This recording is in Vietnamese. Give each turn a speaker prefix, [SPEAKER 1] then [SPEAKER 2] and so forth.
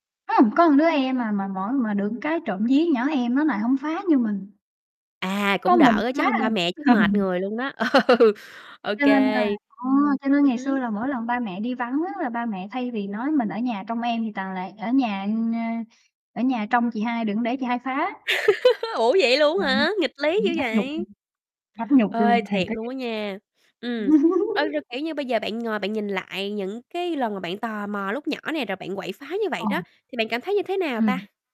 [SPEAKER 1] Ưm, có đứa em à, mà mỗi mà được cái trộm vía nhỏ em nó lại hổng phá như mình.
[SPEAKER 2] À,
[SPEAKER 1] Có
[SPEAKER 2] cũng đỡ
[SPEAKER 1] mình
[SPEAKER 2] á, chứ
[SPEAKER 1] phá
[SPEAKER 2] hông
[SPEAKER 1] à.
[SPEAKER 2] ba mẹ chắc
[SPEAKER 1] Ừ.
[SPEAKER 2] mệt người luôn đó. Ừ, ô
[SPEAKER 1] Cho nên
[SPEAKER 2] kê.
[SPEAKER 1] là ờ, cho nên
[SPEAKER 2] Ừm
[SPEAKER 1] ngày xưa
[SPEAKER 2] hứm.
[SPEAKER 1] là mỗi lần ba mẹ đi vắng á, là ba mẹ thay vì nói mình ở nhà trông em thì toàn là ở nhà [unintelligible] ở nhà trông chị hai đừng có để chị hai phá.
[SPEAKER 2] Ủa, vậy luôn á
[SPEAKER 1] Ừm,
[SPEAKER 2] hả? Nghịch lý dữ
[SPEAKER 1] nghĩ mắc nhục luôn.
[SPEAKER 2] vậy.
[SPEAKER 1] Mắc nhục luôn,
[SPEAKER 2] Ê,
[SPEAKER 1] thiệt
[SPEAKER 2] thiệt
[SPEAKER 1] á
[SPEAKER 2] luôn
[SPEAKER 1] chứ.
[SPEAKER 2] á nha, ừm. Ơ, rồi, kiểu như, bây giờ bạn ngồi bạn nhìn lại những cái lần mà bạn tò mò lúc nhỏ nè rồi bạn quậy phá như vậy
[SPEAKER 1] Ờ.
[SPEAKER 2] đó. Thì bạn cảm thấy như thế nào
[SPEAKER 1] Ừm.
[SPEAKER 2] ta?